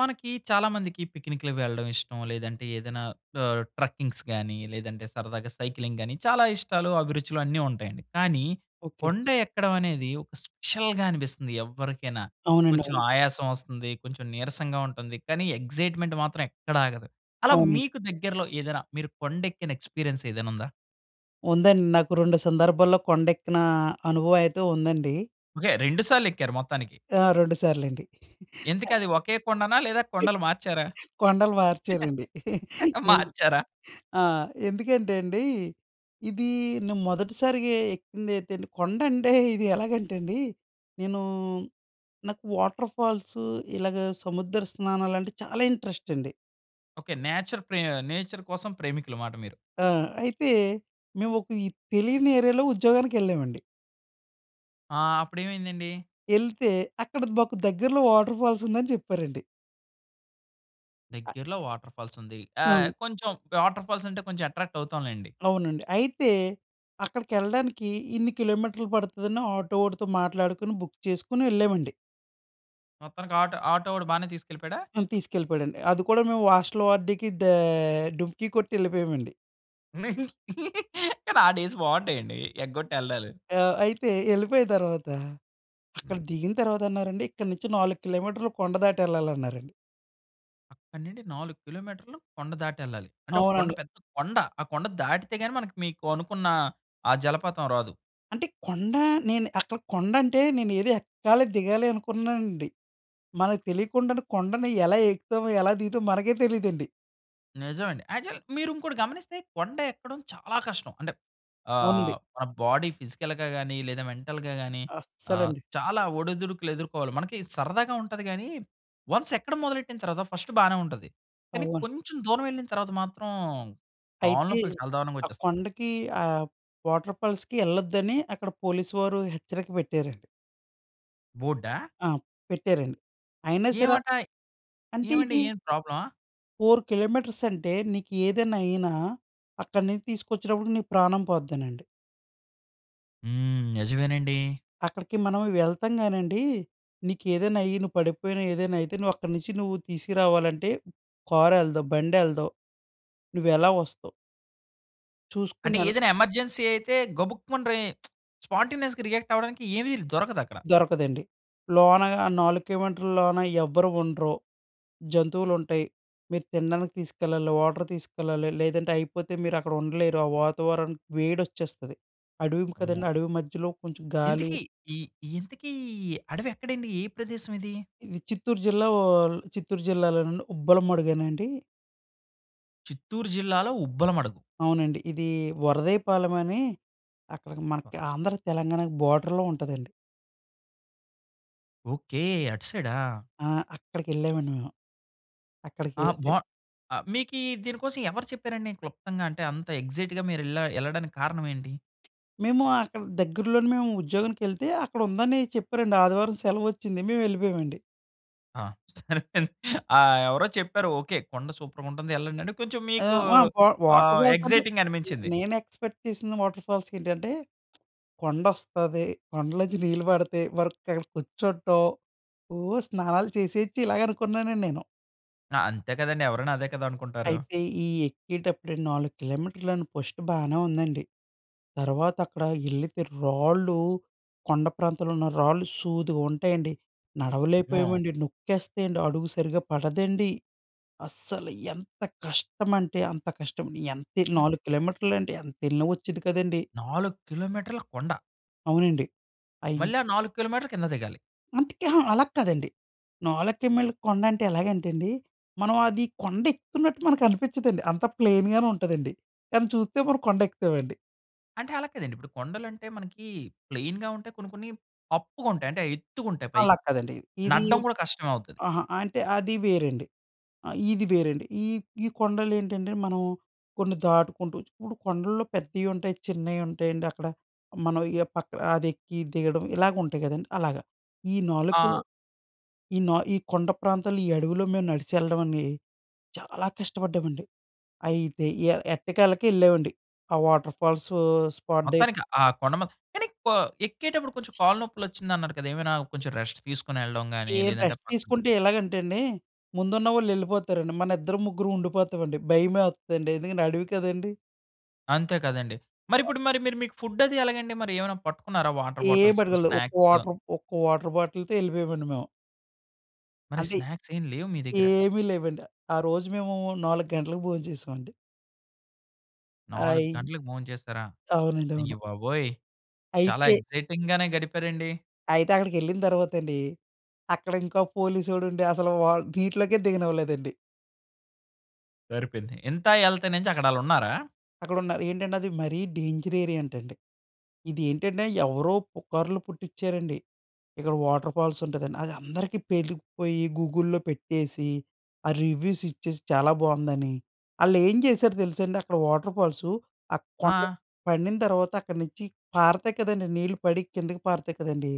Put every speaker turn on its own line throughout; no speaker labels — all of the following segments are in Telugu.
మనకి చాలామందికి పిక్నిక్‌లకి వెళ్ళడం ఇష్టం. లేదంటే ఏదైనా ఆహ్, ట్రక్కింగ్స్ గాని లేదంటే సరదాగా సైక్లింగ్ గాని చాలా ఇష్టాలు అభిరుచులు అన్నీ ఉంటాయండి. కానీ
ఓకే.
కొండ ఎక్కడం అనేది ఒక స్పెషల్‌గా అనిపిస్తుంది ఎవ్వరికైనా.
అవునండి.
కొంచెం
అవును.
ఆయాసం వస్తుంది. కొంచెం నీరసంగా ఉంటుంది. కానీ ఎక్సైట్‌మెంట్ మాత్రం ఎక్కడ ఆగదు. అలా
అవునండి.
మీకు దగ్గరలో ఏదైనా మీరు కొండెక్కిన ఎక్స్‌పీరియన్స్ ఏదైనా ఉందా?
ఉందండి. నాకు 2 సందర్భాల్లో కొండెక్కిన అనుభవమయితే ఉందండి.
ఓకే. 2 సార్లెక్కారు మొత్తానికి.
ఆ! 2 సార్లండి.
ఇంతకీ అది ఒకే కొండనా? లేదా కొండలు మార్చారా?
కొండలు మార్చారండి. ఎందు
మార్చారా?
ఆ! ఎందుకంటే అండి! ఇది నే మొదటిసారిగా ఎక్కిందియితే అండి కొండంటే ఇది ఎలాగంటే అండి నేను నాకు వాటర్‌ఫాల్సు ఇలాగ సముద్ర స్నానాలంటే చాలా ఇంట్రెస్ట్ అండి.
ఓకే. నేచర్ ప్రే నేచర్ కోసం ప్రేమికులు మాట మీరు.
ఆ! అయితే మేమొక ఈ తెలియని ఏరియా‌లో ఉద్యోగానికెళ్ళామండి.
ఆ! అప్పుడేమైందండి?
యెళ్తే! అక్కడ మాకు దగ్గరలో వాటర్‌ఫాల్స్ ఉందని చెప్పారండి. అ
దగ్గరలో వాటర్ఫాల్స్ ఉంది. ఆహ్,
అవును.
కొంచెం వాటర్ఫాల్స్ అంటే కొంచెం అట్రాక్ట్ అవుతాం లెండి.
అవునండి. అయితే, అక్కడికెళ్ళడానికి ఇన్ని కిలోమీటర్లు పడుతుందన్న ఆటో ఒడితో మాట్లాడుకొని బుక్ చేసుకొని ఎళ్ళామండి.
మొత్తానికి ఆటో, ఆటో ఓడు బానే తీసుకెళ్ళిపోయాడా?
హ్మ్. తీసుకెళ్ళిపోయాడండి. అది కూడా మేము వాస్టల్ వార్డ్‌కి దా డుమ్కి కొట్టి ఎళ్ళిపోయామండి.
కానీ, ఆ డేస్ బాగుంటాయి అండి. ఎగ్గొట్టి ఎల్డాలు.
ఆ! అయితే ఎళ్ళిపోయిన తర్వాత, అక్కడ దిగిన తర్వాత అన్నారండి. ఇక్కడి నుంచి 4 కిలోమీటర్లు కొండ దాటి ఎళ్ళాలన్నారండి.
అక్కడి నుండి 4 కిలోమీటర్లు కొండ దాటి ఎళ్ళాలి. అంటే ఒక కొండ
అవునండి.
పెద్ద కొండ. ఆ కొండ దాటితే గాని, మనకి మీకు అనుకున్న ఆ జలపాతం రాదు.
అంటే, కొండ నేను అక్కడ కొండ అంటే, నేను ఏదో ఎక్కాలి దిగాలి అనుకున్నానండి. మనకు తెలియకుండానే కొండని ఎలా ఎక్కుతామో, ఎలా దిగుతామో మనకే తెలీదండి.
నిజమండి. యాక్చువల్ మీరు ఇంకోటి గమనిస్తే, కొండ ఎక్కడం చాలా కష్టం. అంటే ఆహ్,
అవునండి.
మన బాడీ ఫిజికల్‌గా గాని, లేదా మెంటల్‌గా గాని. ఆహ్,
అస్సలండి.
చాలా ఒడిదుడుకులు ఎదుర్కోవాలి. మనకి సరదాగా ఉంటది గానీ, వన్స్ ఎక్కడం మొదలెట్టిన తరువాత ఫస్ట్ బానే ఉంటది. కానీ
అవును.
కొంచెం దూరం ఎళ్ళిన తరువాత మాత్రం కాళ్ళ
అయితే,
నొప్పులు చాలా దారుణంగా
ఆ
ఒచ్చేస్తాయి.
కొండకి ఆహ్, వాటర్ ఫాల్స్‌కి ఎళ్ళొద్దని అక్కడ పోలీస్ వారు హెచ్చరిక పెట్టారండి.
బోర్డా?
ఆ! పెట్టారండి. అయినా సరా
ఏమటా?
అంటే
ఏమండీ
ఇది
ఏమైనా ప్రాబ్లమా?
4 కిలోమీటర్స్ అంటే నీకేదైనా అయినా, అక్కడి నించి తీసుకొచ్చేటప్పుడికి నీకు ప్రాణం పోద్దనండి.
హ్మ్. నిజమేనండి.
అక్కడికి మనం వెళ్తాం గానండి. నీకేదైనా అయ్యి, నువ్వు పడిపోయిన, ఏదైనా అయితే, నువ్వు అక్కడి నుంచి నువ్వు తీసుకురావాలంటే కారెళ్ళదు, బండెళ్ళదు. నువ్వెలా వస్తావు? చూసుకొని
అంటే,
యెళ్
ఏదైనా ఎమర్జెన్సీ అయితే గబుక్కుమన రె స్పాంటేనియస్‌గా రియాక్ట్ అవ్వడానికి ఏవి ర్ దొరకదక్కడ.
దొరకదండి. లోనగా ఆ 4 కిలోమీటర్ల లోన ఎవ్వరూ ఉండరు. జంతువులుంటాయి. మీరు తినడానికి తీసుకెళ్లాలి. వాటర్ తీసుకెళ్ళాలి. లేదంటే అయిపోతే మీరు అక్కడ ఉండలేరు. ఆ వాతావరన్ వేడొచ్చేస్తది. అడవి మ్
అమ్మో!
కదండీ. అడవి మధ్యలో కొంచెం గాలి
ఇంతకీ, ఇ ఇంతకి అడవెక్కడండి? ఏ ప్రదేశం ఇది?
ఇది చిత్తూరు జిల్లా వోల్ చిత్తూరు జిల్లాలోనండి, ఉబ్బలమడుగేనండీ.
చిత్తూరు జిల్లాలో ఉబ్బలమడుగు
అవునండి. ఇది వరదయ్యపాలెమనీ, అక్కడకి మనకి ఆంధ్ర, తెలంగాణకి బోర్డర్‌లో ఉంటాదండి.
ఓకే. అటు సైడా!
ఆ! అక్కడికెళ్ళామండి మేము.
ఆ!
అక్కడికెళ్తే
బా ఆహ్, మీకీ దీనికోసం ఎవరు చెప్పారండి క్లుప్తంగా? అంటే అంత ఎక్సైట్‌‌గా మీరు ఎళ్ళ ఎళ్ళడానికి కారణం ఏంటి?
మేము అక్కడ దగ్గర్లోనే, మేము ఉద్యోగానికి ఎళ్తే, అక్కడ ఉందని చెప్పారండి. ఆదివారం సెలవు వచ్చింది. మేము ఎళ్ళిపోయామండి.
ఆ! సరిపోయింది. ఆహ్, ఎవరో చెప్పారు, ఓకే. కొండ సూపర్‌గుంటుంది ఎళ్ళండి. అంటే కొంచెం
ఆ!
మీకూ
వా వా వాటర్
ఆహ్,
ఫాల్స్ అంటే,
ఎక్సైటింగ్‌
నె
అనిపించింది.
నేను ఎక్స్‌పెక్ట్ చేసిన వాటర్ ఫాల్స్ ఏంటంటే, కొండొస్తది. కొండలో నుంచి నీళ్లు పడితే వరదకక్కడ కూర్చోటం. ఓహ్! స్నానాలు చేసేయొచ్చు, ఇలాగ అనుకున్నానండి నేను.
ఆ! అంతే కదండీ! ఎవరైనా అదే కదా! అనుకుంటారు.
అయితే ఈ ఎక్కేటప్పుడే 4 కిలోమీటర్లని ఫస్ట్ బానే ఉందండి. తర్వాత అక్కడ ఎళ్ళితే రాళ్ళూ, కొండ ప్రాంతంలో ఉన్న రాళ్ళు సూదుగుంటాయండి.
హ్మ్.
నడవలేకపోయామండి, నొక్కేస్తాయండి. అడుగు సరిగ్గా పడదండి. అస్సలు ఎంత కష్టం అంటే అంత కష్టం. ఎంతే
హ్మ్.
4 కిలోమీటర్లండి. ఎంత ఎళ్ళినా వచ్చేది కాదండి.
4 కిలోమీటర్ల కొండ!
అవునండి.
మళ్ళీ
అయ్యింది.
ఆ 4 కిలోమీటర్లు కింద దిగాలి.
అందుకే, అహా! అలా కాదండి. 4 కీ మైళ్ళ కొండంటే ఎలాగంటేండి, మనం అది కొండ ఎక్కుతున్నట్టు మనకు అనిపించదండి. అంత ప్లెయిన్‌గానే ఉంటదండి. కానీ చూస్తే మనం కొండ ఎక్కుతామండి.
అంటే, అలా కాదండి. ఇప్పుడు కొండలంటే మనకి, ప్లెయిన్‌గా ఉంటాయి. కొన్ని కొన్ని అప్పుగా ఉంటాయి. అంటే ఎత్తుగా ఉంటాయి పైకి.
అలాకాదండి. ఇది
నడ్డం కూడా కష్టమే అవుతది.
అహా! అంటే అది వేరండి. ఆ ఇది వేరండి. ఈ ఈ కొండలు ఏంటంటే, మనం కొన్ని దాటుకుంటూ ఇప్పుడు కొండల్లో పెద్దయి ఉంటాయి, చిన్నయి ఉంటాయండి అక్కడ. మనం ఏ పక్క అదెక్కి, దిగడం ఇలాగ ఉంటాయి కదండీ! అలాగ. ఈ నాలుకీ
ఆ
ఈ నా ఈ కొండ ప్రాంతాలు ఈ అడవిలో మేము నడిస్చి వెళ్ళడమండి అని చాలా కష్టపడ్డామండి. అయితే, ఎ ఎట్టకేలకి వెళ్ళామండి. ఆ వాటర్ ఫాల్సు స్పాట్
మొత్తానికి
దగ్గర
ఆ! కొండ మ కనిక్ ఆ! ఎక్కేటప్పుడు కొంచెం కాళ్ళు నొప్పులు వచ్చింది అన్నారు కదా! ఏమైనా కొంచెం రెస్ట్ తీసుకొని వెళ్ళడం గాని,
ఏం
లేదంటే
రెస్ట్
పక్కన
తీసుకుంటే ఎలాగంటే, అండి. ముందున్న వాళ్ళు వెళ్ళిపోతారండి. మన ఇద్దరు ముగ్గురు ఉండిపోతామండి. భయమేత్తడండి. ఎందుకంటే, అడవి కదండీ!
అంతే కదండీ! మరి
అ
ఇప్పుడు మరి మీరు మీకు ఫుడ్ అది ఎలాగండి మరి? ఏమైనా పట్టుకున్నారా వాటర్
ఏం
బాటిల్సు,
పటికెళ్ళలేదు. ఒక్క
స్నాక్స్.
వాటర్ ఒక్క వాటర్ బాటిల్‌తో వెళ్ళిపోయామండీ మేము.
మరి
అంటే,
స్నాక్స్ ఏమి లేవు మీ దగ్గర?
ఏమీ లేవండి. ఆ రోజు మేము నాలుగు గంటలకు భోం‌చేశామండి.
4
ఆయి
గంటలకి భోంచేస్తారా?
అవునండి.
అయ్య
అవును.
బాబోయ్! చాలా
అయితే...
ఎక్సైటింగ్‌గానే గడిపారండి.
అయితే అక్కడికెళ్ళిన తర్వాత అండీ, అక్కడ ఇంకోక పోలీసోడు ఉండి అసలు వాట్ నీటిలోకే దిగనివ్వలేదండి.
సరిపోయింది. ఇంతా ఎళ్తేనేంచి అక్కడాళ్ళున్నారా?
అక్కడున్నారు. ఏంటంటే అది మరీ డేంజర్ ఏరియా అంటండి. ఇది ఏంటంటే ఎవరో పుకార్లు పుట్టిచ్చారండి. ఇక్కడ వాటర్‌ఫాల్స్ ఉంటదని. అది అందరికీ పేటికిపోయీ, గూగుల్‌లో పెట్టేసి, ఆ రివ్యూస్ ఇచ్చేసి, చాలా బాగుందని. ఆళ్ళేం చేశారో తెలుసండి, అక్కడ వాటర్‌ఫాల్సు. ఆ కొండ మీద
ఆ!
పండిన తర్వాత అక్కడి నుంచి పారతాయి కదండీ, నీళ్ళు పడి కిందకి పారుతాయి కదండీ,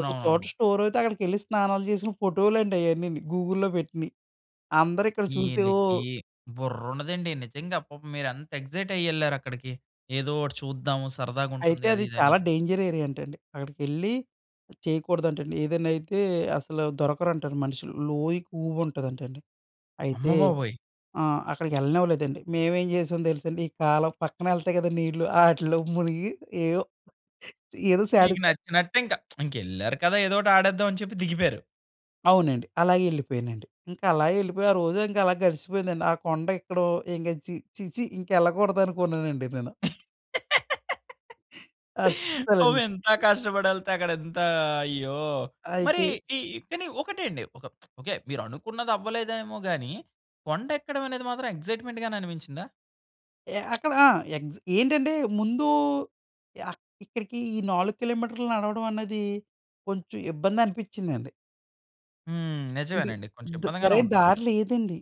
ఒక చోట స్టోర్ అయితే అక్కడికెళ్లి స్నానాలు చేసిన ఫోటోలండి అయన్నీని గూగుల్‌లో పెట్టినయి. అందరూ ఇక్కడ చూసి ఓహ్!
ఈళ్ళికీ, బుర్రుండదండి నిజంగా. పాపం మీరెంత ఎక్సైట్ అయ్యెళ్లారు అక్కడికి. ఏదోకటి చూద్దాము. సరదాగా ఉంటుంది
అయితే
అది,
అది
ఇది అని.
చాలా డేంజర్ ఏరియా అంటండి. అక్కడికెళ్లి చేయకూడదంటండి. ఏదైనా అయితే అసలు దొరకరంటండి మనుషులు. లోయెక్కువగా ఉంటదంటండి.
అమ్మ
అయితే
బాబోయ్!
ఆ! అక్కడికెళ్ళనివ్వలేదండి. మేమేం చేశాం తెలుసండి. ఈ కాలవ పక్కన ఎళ్తాయి కదా! నీళ్లు, ఆటిల్లో మునిగి ఏయో, ఏదో
మీకు
సాటిస్‌ఫై
నచ్చినట్టే ఇంకా. ఇంకెళ్లారు కదా! ఏదోకటి ఆడేద్దామని చెప్పి దిగిపేయారు.
అవునండి. అలాగే వెళ్ళిపోయానండి. ఇంకా అలాగే వెళ్ళిపోయి ఆ రోజే ఇంకా అలా గడిచిపోయిందండి. ఆ కొండ ఎక్కడో ఇంకా ఛీ ఛీ! ఛీ! ఇంకెళ్ళకూడదు అనుకున్నానండి నేను.
పాపం
అస్సలండి.
ఇంత కష్టపడి వెళ్తే అక్కడ ఎంత అయ్యో! మరి
అయితే
ఈ కాని ఒకటే అండి, ఓకే. మీరు అనుకున్నది అవ్వలేదేమోగాని, కొండ ఎక్కడం అనేది మాత్రం ఎగ్జైట్మెంట్‌గానే అనిపించిందా?
ఎ అక్కడ ఆ! ఎగ్జ్ ఏంటంటే, ముందు ఆహ్, ఇక్కడికి ఈ 4 కిలోమీటర్లు నడవడం అన్నది కొంచెం ఇబ్బంది అనిపించిందండి.
హ్మ్.
ఇది
నిజమేనండి. కొంచెం
ఇద్
ఇబ్బందిగానే
సరైన
ఉంటుంది.
దారి లేదండి.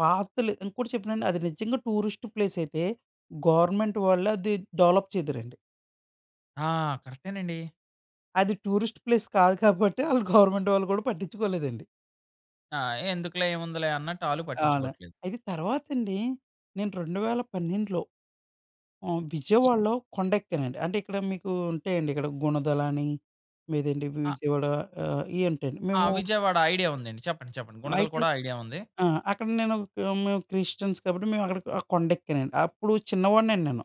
పాత్‌లు ఇంకోటి చెప్పానండి, అది నిజంగా టూరిస్ట్ ప్లేసైతే, గవర్నమెంట్ వాళ్ళే అది డెవలప్ చేద్దురండి.
ఆ! కరెక్టేనండి.
అది టూరిస్ట్ ప్లేస్ కాదు కాబట్టే ఆళ్ళు గవర్నమెంట్ వాళ్ళు కూడా పట్టించుకోలేదండి.
ఆ! ఎందుకులే, ఏముందిలే అన్నట్టు ఆళ్ళు
అవును.
పట్టించుకోవట్లేదు.
ఇది తర్వాత అండి. నేను 2012లో ఆహ్,
ఈ
విజయవాడలో కొండెక్కేనండి. అంటే, ఇక్కడ మీకు ఉంటాయండి. ఇక్కడ గుణదలని, లేదంటే
ఆ
విజయవాడ. ఆహ్, ఇవి ఉంటాయండి.
ఆ!
మేము
విజయవాడ ఐడియా ఉందండి. చెప్పండి. చెప్పండి. గుణదల
అయితే,
కూడా ఐడియా ఉంది.
ఆ! అక్కడ నేను మేము క్రిస్టియన్స్ కాబట్టి మేము అక్కడ ఆ కొండ ఎక్కానండి. అప్పుడు చిన్నవాడిని అండి నేను.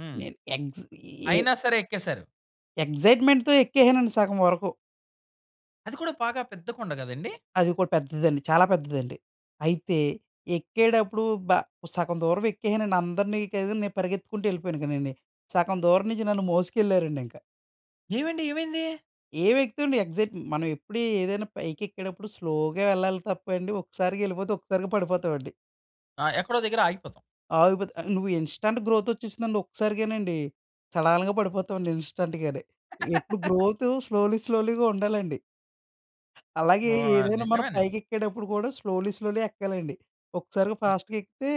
హ్మ్.
నేను ఎగ్స్ ఏ
అయినా సరే ఎక్కేసారు.
ఎక్సైట్మెంట్‌తో ఎక్కేసానండి సగం వరకు.
అది కూడా బాగా పెద్ద కొండ గదండీ!
అది కూడా పెద్దదండి, చాలా పెద్దదండి. అయితే, ఎక్కేటప్పుడు బ సగం దూరం ఎక్కేసానండి. అందరిని కాదని, నేను పరిగెత్తుకుంటూ యెళ్ళిపోయాను గానండి. సగం దూరం నుంచి నన్ను మోసుకెళ్లారండి ఇంకా.
ఏమండి? ఏమైంది?
ఏం ఎక్కుతామండి? ఎగ్సైట్ మనం ఎప్పుడూ ఏదైనా పైకెక్కేటప్పుడు స్లోగా యెళ్ళాలి తప్పండి. ఒక్కసారిగా వెళ్ళిపోతే ఒక్కసారిగా పడిపోతామండి.
ఆ! ఎక్కడో దగ్గర ఆగిపోతాం.
ఆగిపోతే ఆహ్, నువ్వు ఇన్‌స్టంట్ గ్రోత్ వచ్చేసిందంటే ఒక్కసారిగానండి. సడాలుగా పడిపోతామండి ఇన్‌స్టంట్‌గానే. ఎప్పుడు గ్రోత్ స్లోలీ స్లోలీగా ఉండాలండి. అలాగే
ఆ!
ఏదైనా మనం
నిజమేనండి.
పైకెక్కేప్పుడు కూడా, స్లోలీ స్లోలీ ఎక్కాలండి. ఒక్కసారిగా ఫాస్ట్‌గా ఎక్కితే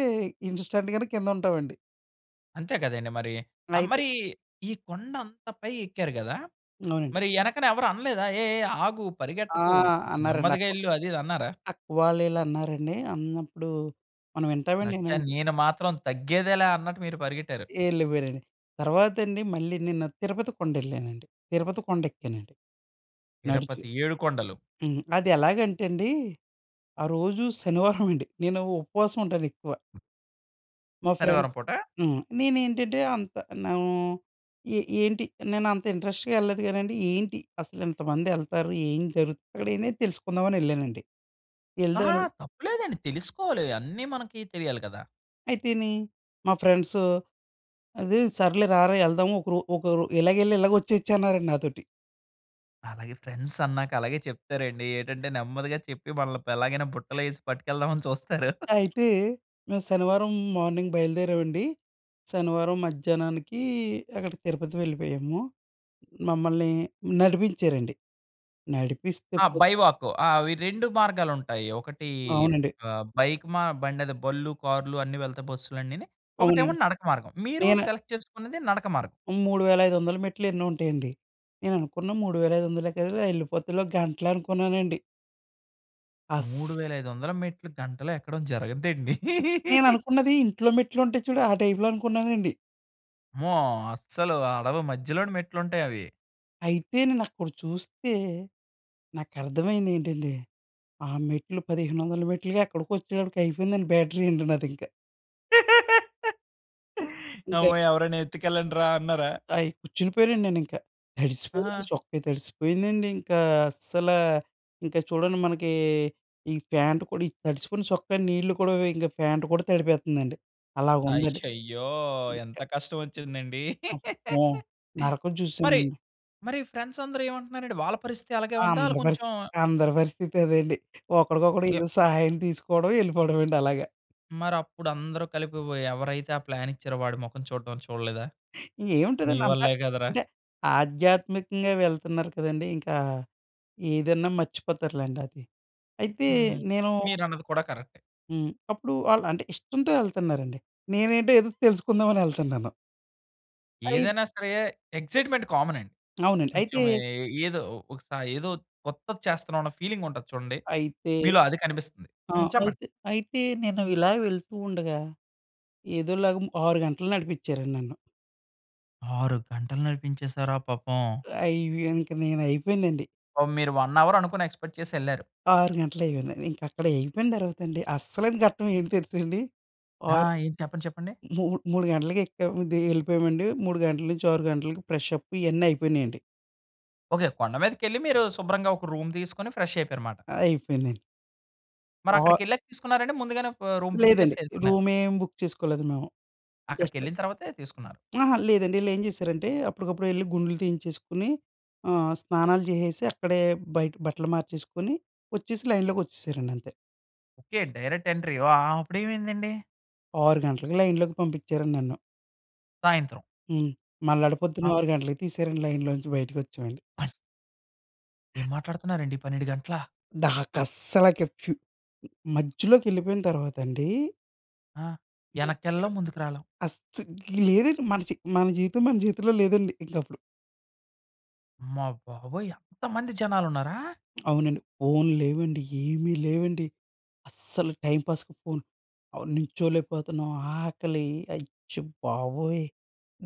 ఇన్‌స్టంట్‌గానే కిందుంటామండి.
అంతే గదండీ మరి. ఆహ్,
అయితే
మరి ఈ కొండ అంత పైకి ఎక్కారు గదా!
అవునండి.
మరి యెనకన ఎవరు అనలేదా? "ఏ ఏ ఆగు
ఆ!
పరిగెట్టకు
అన్నారండి
నెమ్మదిగా
అక్క,
యెళ్ళు" అది ఇది అన్నారా?
అక్క వాళ్ళు ఇలా అన్నారండి. అన్నప్పుడు, మనం వింటామండి
అచ్చా!
ఏమన్న.
నేను మాత్రం తగ్గేదేలా అన్నట్టు మీరు పరిగెట్టారు.
యెల్లిపోయానండి. తర్వాతండి మళ్ళీ నిన్న తిరుపతి కొండెళ్ళానండి. తిరుపతి కొండెక్కానండి. నడిచి.
తిరపతి ఏడుకొండలు.
హ్మ్. అది ఎలాగంటే అండి, ఆ రోజు శనివారం అండి. నేను ఉపవాసం ఉంటాను ఎక్కువ. మా
శనివారం
ఫ్రెండ్స్
పూటా?
హ్మ్. నేనేంటంటే అంత నూ ఏ ఏంటి నేను అంత ఇంట్రెస్ట్‌గా ఎళ్ళలేదు కానండి. ఏంటి? అసలు ఇంతమంది ఎళ్తారు. ఏం జరుగుతుంది? అక్కడనే తెలుసుకుందాం అని ఎళ్ళానండి.
ఆహా!
ఎళ్దాను
తప్పు లేదండి తెలుసుకోవాలి. అన్నీ మనకి తెలియాలి కదా!
అయితేనీ, మా ఫ్రెండ్సు, అది సర్లే రారా ఎళ్దాము. ఒకరో ఒకరు ఇలాగెళ్ళి ఇలాగొచ్చేయచ్చన్నారండి నాతోటి.
అలాగే ఫ్రెండ్స్ అన్నాక అలాగే చెప్తారండి. ఏటంటే, నెమ్మదిగా చెప్పి వాళ్ళని ఎలాగైనా బుట్టలు వేసి పట్టుకెళ్దాం అని చూస్తారు.
అయితే, మేము శనివారం మార్నింగ్ బయలుదేరామండి. శనివారం మధ్యాహ్నానికి అక్కడికి తిరుపతి వెళ్ళిపోయాము. మమ్మల్ని నడిపించారండి. నడిపిస్తే
ఆ!
పో
బై వాకు. ఆ! అవి 2 మార్గాలుంటాయి. ఒకటి
అవునండి.
ఆహ్, బైక్ మా బండదో, బళ్ళు, కార్‌లు అన్ని వెళతాయి బస్సులన్నీని. ఒకటేమో
అవునండి.
నడక మార్గం. మీరు
నేను
సెలెక్ట్ చేసుకున్నది నడక మార్గం.
3500ల మెట్లు ఎన్నో ఉంటాయండి. నేను అనుకున్న మూడు వేల ఐదు వందలేకదలే ఎళ్ళిపోతలే ఓ గంటలో అనుకున్నానండి.
మూడు
అస్స్
వేల ఐదు వందల మెట్లు గంటలో ఎక్కడం జరగదండి.
నేననుకున్నది ఇంట్లో మెట్లు ఉంటాయి చూడు, ఆ టైప్‌లో అనుకున్నానండి.
అమ్మో! అస్సలు అడవి మధ్యలోనే మెట్లుంటాయవి.
అయితే నేనక్కడ చూస్తే, నాకు అర్థమైంది ఏంటంటే, ఆ మెట్లు 1500ల మెట్లుకి అక్కడికొచ్చేటప్పటికి అయిపోయిందండి బ్యాటరీ అండి నాదింక. ఇంకా
అమ్మో! ఎవరైనా ఎత్తుకెళ్ళండ్రా అన్నారా?
ఆయ్ కుచ్చుండిపోయానండి నేనింకా. తడిసిపోయిందండి
ఆహా!
చొక్కా, తడిసిపోయిందండి. ఇంకా అస్సల, ఇంకా చూడండి మనకి ఈ ప్యాంట్ కూడా ఈ తడిసిపోయిన చొక్క నీళ్లు కూడా ఇంకా ప్యాంట్ కూడా తడిపేత్తందండి. అలాగుందండి.
అయ్యయ్యో! ఎంత కష్టమొచ్చిందండి.
అమ్మో! నరకం
మరి,
చూసానండి.
మరి ఫ్రెండ్స్ అందరూ ఏమంటున్నారండి? వాళ్ళ పరిస్థితి అలాగే ఉందా? ఆళ్ళు
అందరి
కొంచెం
పరిస్థితి అందరి పరిస్థితి అదేండి. ఒకడికొకడు ఏదో సహాయం తీసుకోవడం. యెళ్ళిపోవడం అండి అలాగ.
మరప్పుడు అందరు కలిపి బోయి ఎవరైతే ఆ ప్లాన్ ఇచ్చారో, వాడి మొఖం చూడడం చూడలేదా? నీ
ఏముంటదండి అంతా!
వల్లే కదరా.
అంటే ఆధ్యాత్మికంగా వెళ్తున్నారు కదండీ! ఇంకా ఏదన్నా మర్చిపోతారులెండి అది. అయితే
హ్మ్.
నేను
మీరన్నది కూడా కరెక్టే.
హ్మ్. అప్పుడు ఆళ్ళు, అంటే ఇష్టంతో వెళ్తున్నారండి. నేనేంటో ఏదో తెలుసుకుందాం అనెళ్తన్నాను. అయిత్
ఏదైనా సరే ఎగ్జైట్మెంట్ కామన్ అండి.
అవునండి. అయితే...
కొంచెం ఏ ఏదో ఒకస ఏదో కొత్తది చేస్తున్నాం అన్న ఫీలింగ్ ఉంటది చూడండి.
అయితే,
మీలో అది కనిపిస్తుంది.
ఆ!
హ్మ్. చెప్పండి.
అయితే అయితే నేను ఇలా వెళ్తూ ఉండగా, ఏదోలాగా 6 గంటలు నడిపించారు నన్ను.
6 గంటలు నడిపించేసారా పాపం.
అయ్ వి ఇంక నేను అయిపోయిందండి.
పాపం మీరు 1 అవర్ అనుకుని ఎక్స్‌పెక్ట్ చేసెళ్లారు.
6 గంటలు అయిపోయింది. ఇంక అక్కడ అయిపోయిన తర్వాత అండి. అస్సలైన ఘట్టం ఏమి తెలుసండి!
ఆ!
ఆరు
ఏది, చెప్పండి, చెప్పండి.
మూ మూడు గంటలకి ఎక్కాం దిగి వెళ్ళిపోయామండి. 3 గంటల నుంచి 6 గంటలకి ఫ్రెష్ అప్ ఇవన్నీ అయిపోయినాయండి.
ఓకే. కొండ మీదకెళ్లి మీరు శుభ్రంగా ఒక రూమ్ తీసుకొని ఫ్రెష్ అయిపోయారు మాట.
అయిపోయిందండి.
మరి అక్కడికి వెళ్ళాక తీసుకున్నారండి. ముందుగానే ఆహ్, రూమ్ బుక్ చేసి
లేదండి.
వెళ్ళిపోయారా?
రూమ్ ఏం బుక్ చేసుకోలేదు మేము.
అక్కడికి
జస్ట్
వెళ్ళిన తరువాతే తీసుకున్నారు.
అహా! లేదండి. వీళ్ళు ఏం చేశారంటే, అప్పటికప్పుడు వెళ్లి గుండ్లు తీయించేసుకొని ఆహ్, స్నానాలు చేసేసి, అక్కడే బయట బట్టలు మార్చేసుకొని, వచ్చేసి లైన్‌లోకి వచ్చేసారండి అంతే.
ఓకే. Direct entry. వ ఆ! ఆ! అప్పుడు ఏమైందండి?
6 గంటలకి లైన్‌లోకి పంపించారు నన్ను.
సాయంత్రం.
హ్మ్. మళ్ళాడు పొద్దున్న
ఆ!
6 గంటలకి తీసారండి, లైన్‌లో నుంచి బయటికి వచ్చామండి.
ఏం మాట్లాడుతున్నారండి. 12 గంటలా?
నాకసలకి ఫ్యు మధ్యలోకి ఎళ్ళిపోయిన తర్వాత అండి
ఆ! యనక్కేళ్ళేం. ముందుకు రాలేం.
అస్స ఇక లేదండి. మన చె మన జీవితం మన చేతుల్లో లేదండి. ఇంకప్పుడు.
అమ్మ బాబోయ్! అంత మంది జనాలు ఉన్నారా?
అవునండి. ఫోన్లు లేవండి. ఏమీ లేవండి. అస్సలు టైంపాస్‌కి ఫోన్ అవును. నిల్చోలేకపోతున్నాం ఆకలి, అచ్చ బాబోయ్!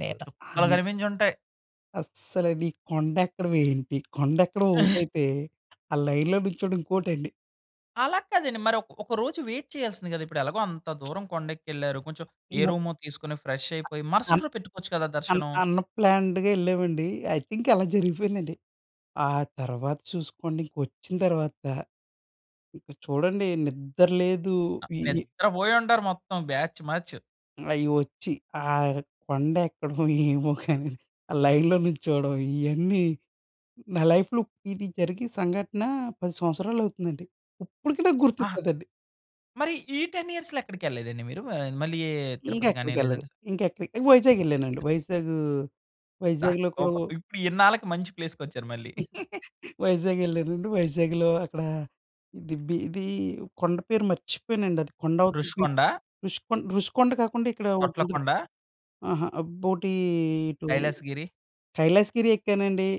నేను అం
చుక్కలు కనిపించి ఉంటాయి.
అస్సలు, ఈ కొండ ఎక్కడం ఏంటి? కొండ ఎక్కడం ఒకటైతే, ఆ! లైన్‌లో నిల్చోవడం ఇంకోటండి.
అలా కాదండి. మరి ఒ ఒక రోజు వైట్ చేయాల్సింది కదా! ఇప్పుడు ఎలగో అంత దూరం కొండెక్కేళ్ళారు. కొంచెం ఏ రూమో తీసుకొని ఫ్రెష్
అన్
అయిపోయి, మరుసటి
అన్
రోజు పెట్టుకోవచ్చు కదా
అన్
దర్శనం.
అన్‌ప్లాన్‌డ్‌గా ఎళ్ళామండి. ఐ థింక్ అలా జరిగిపోయిందండి. ఆ తర్వాత చూసుకోండి ఇంకొచ్చిన తర్వాత, ఇంకా చూడండి నిద్ర లేదు, వియి
నిద్ర పోయి ఉంటారు మొత్తం బ్యాచ్ మ్యాచ్.
అయి వచ్చి, ఆహ్, కొండ ఎక్కడం ఏవో గనీ, ఆ లైన్‌లో నిల్చోవడం ఇయన్నీ నా లైఫ్‌లో ఇది జరిగి సంఘటనా, 10 సంవత్సరాలు అవుతుందండి. ఇప్పటికి నాకు
ఆహ్,
గుర్తుంటదండి.
మరి ఈ 10 ఇయర్స్‌లో ఎక్కడికెళ్ళేదండి మీరు? ఆహ్, మళ్ళీ
ఇంకా
తిరుపతి గాని
ఎక్కడికెళ్ళేదు.
లేదంటే స
ఇంకా ఎక్కడి వైజాగ్ ఎళ్ళానండి. వైజాగ్
దా
వైజాగ్‌లో కూడా
సూపర్.
ఓ
ఇప్పుడు ఇన్నాళ్ళకి మంచి ప్లేస్‌కొచ్చారు మళ్ళీ.
వైజాగ్ ఎళ్ళానండి. వైజాగ్‌లో అక్కడా, దిబీది కొండ పేరు మర్చిపోయానండి. అది కొండ అవతలకి,
రుషికొండా?
రుషికొండ రుషికొండ కాకుండా ఇక్కడ ఒకటి ఉంటది,
తొట్లకుండా?
అహా! అబ్బోటీ ఇటు,
కైలాసగిరి?
కైలాసగిరి ఎక్కానండి.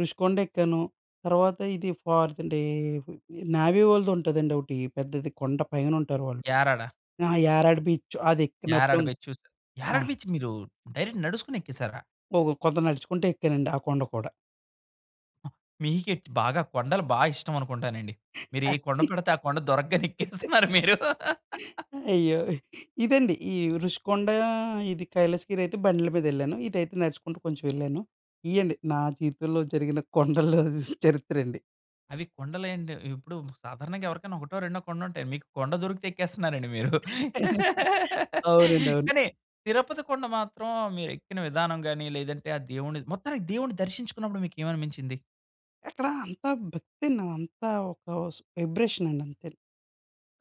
రుషికొండ ఎక్కాను. తర్వాత ఇది ఫార్ద్ డే, నావీ వాళ్ళది ఉంటుందండి ఒకటి. పెద్దది కొండ పైన ఉంటారు వాళ్ళు.
యారాడ.
అహా! యారాడ బీచ్ అది ఎక్కినప్పుడు
యారాడ
ఉన్
బీచ్ చూస్తే యారాడ
ఆహ్.
బీచ్ మీరు, డైరెక్ట్ నడుచుకొని ఎక్కేసారా?
ఒక కొంత నడుచుకుంటా ఎక్కానండి ఆ కొండ కూడా.
మీకేటి బాగా కొండలు బా ఇష్టం అనుకుంటానండి. మీరు ఏ కొండ పెడితే ఆ కొండ దొరకగానే ఎక్కేస్తున్నారు మీరు.
అయ్యో! ఇదండి ఈ రుషికొండ, ఇది కైలాసగిరి అయితే బండ్ల మీద ఎళ్ళాను. ఇదైతే నడుచుకుంటూ కొంచెం ఎళ్ళాను. ఇయ్యండి నా జీవితంలో జరిగిన కొండల్లో చరిత్ర అండి.
అవి కొండలెండి. ఇప్పుడు సాధారణంగా ఎవరికైనా ఒకటో రెండో కొండలుంటాయి. మీకు కొండ దొరికితే ఎక్కేస్తున్నారండి మీరు.
అవునండి అవును.
కానీ తిరుపతి కొండ మాత్రం మీరు ఎక్కిన విధానం గాని, లేదంటే ఆ దేవుని మొత్తానికి దేవుని దర్శించుకున్నప్పుడు మీకేమనిబించింది?
ఎక్కడ అంతా భక్తి‌ న అంతా ఒక వస్ వైబ్రేషన్ అండి అంతె.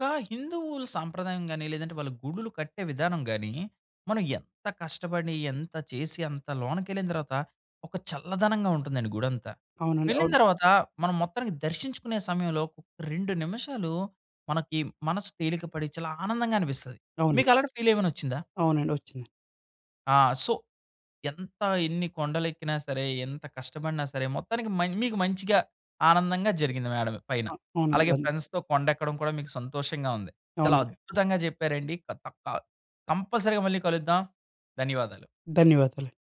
ఒక హిందువులు సాంప్రదాయం గాని, లేదంటే వాళ్ళు గుడులు కట్టే విధానం గాని, మనం ఎంత కష్టపడి ఎంత చేసి అంత లోనకెళ్ళిన దర్వాత ఒక చల్లదనంగా ఉంటుందండి గుడంతా.
అవునండి
వెళ్ళిన
అవును.
దర్వాత మనం మొత్తానికి దర్శించుకునే సమయంలో, 2 నిమిషాలు మనకి మనసు తేలిక పడి చాలా ఆనందంగా అనిపిస్తది.
అవునండి.
మీకలాంటి ఫీల్ ఏమన్నా ఒచ్చిందా?
అవునండి ఒచ్చింది.
ఆ! సో, ఎంత ఎన్ని కొండలు ఎక్కినా సరే, ఎంత కష్టపడినా సరే, మొత్తానికి మన్ మీకు మంచిగా ఆనందంగా జరిగింది మేడలో పైన.
ఆ! అవునండి.
అలాగే
ధన్య్
ఫ్రెండ్స్‌తో కొండెక్కడం కూడా మీకు సంతోషంగా ఉంది. చాలా
అవునండి.
అద్భుతంగా చెప్పారండి. కంపల్సరీగా మళ్ళీ కలుద్దాం. ధన్యవాదాలు.
ధన్యవాదాలు.